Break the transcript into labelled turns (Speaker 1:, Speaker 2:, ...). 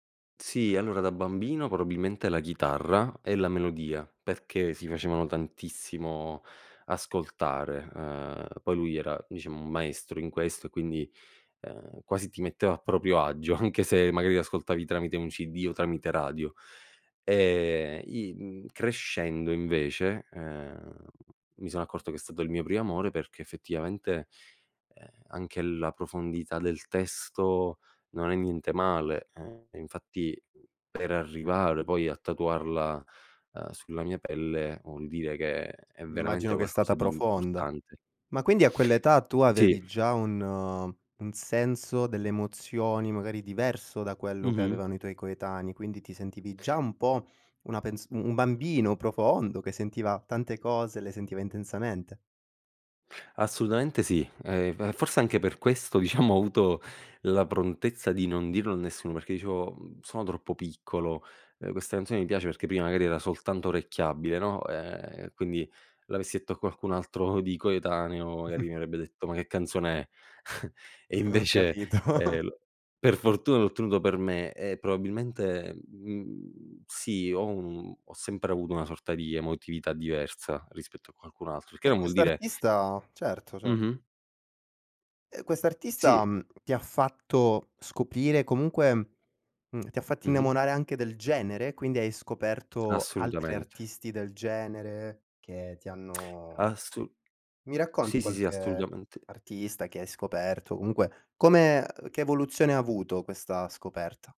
Speaker 1: Sì, allora da bambino probabilmente la chitarra, e la melodia, perché si facevano tantissimo ascoltare, uhm, poi lui era diciamo un maestro in questo e quindi, uhm, quasi ti metteva a proprio agio, anche se magari ascoltavi tramite un CD o tramite radio. E i, mhmm, crescendo invece, uhm, mi sono accorto che è stato il mio primo amore perché effettivamente, ehm, anche la profondità del testo non è niente male e infatti per arrivare poi a tatuarla, ehm, sulla mia pelle vuol dire che è veramente
Speaker 2: Immagino che è
Speaker 1: qualcosa
Speaker 2: stata
Speaker 1: di
Speaker 2: profonda.
Speaker 1: importante.
Speaker 2: Ma quindi a quell'età tu
Speaker 1: Sì.
Speaker 2: avevi già un un senso delle emozioni, magari diverso da quello che
Speaker 1: Mh-mh.
Speaker 2: avevano i tuoi coetanei, quindi ti sentivi già un po' una pens un
Speaker 1: Mh.
Speaker 2: bambino profondo, che sentiva tante cose, le sentiva intensamente?
Speaker 1: Assolutamente sì, ehm, e forse anche per questo, diciamo ho avuto la prontezza di non dirlo a nessuno, perché dicevo, uhm: "Sono troppo piccolo". Eh questa canzone mi piace perché prima magari era soltanto orecchiabile, no, ehm, quindi l'avessi detto a qualcun altro di coetaneo, magari mi avrebbe detto: "Ma che canzone è?" E
Speaker 2: Ho
Speaker 1: invece,
Speaker 2: capito.
Speaker 1: ehm, l per fortuna l'ho tenuto per me e probabilmente, mhmm, sì ho un ho sempre avuto una sorta di emotività diversa, rispetto a qualcun altro, il che
Speaker 2: E
Speaker 1: non vuol dire
Speaker 2: quest'artista? Certo, certo.
Speaker 1: Mh-mh.
Speaker 2: E quest'artista,
Speaker 1: Sì.
Speaker 2: mhmm, ti ha fatto scoprire, comunque, mhmm, ti ha fatto
Speaker 1: Mh-mh.
Speaker 2: innamorare anche del genere? Quindi hai scoperto altri
Speaker 1: Assolutamente.
Speaker 2: artisti del genere che ti hanno
Speaker 1: Assolu
Speaker 2: Mi racconti
Speaker 1: sì, sì, sì,
Speaker 2: qualche
Speaker 1: assolutamente.
Speaker 2: artista che hai scoperto? Comunque come, uhm, che evoluzione avuto questa scoperta?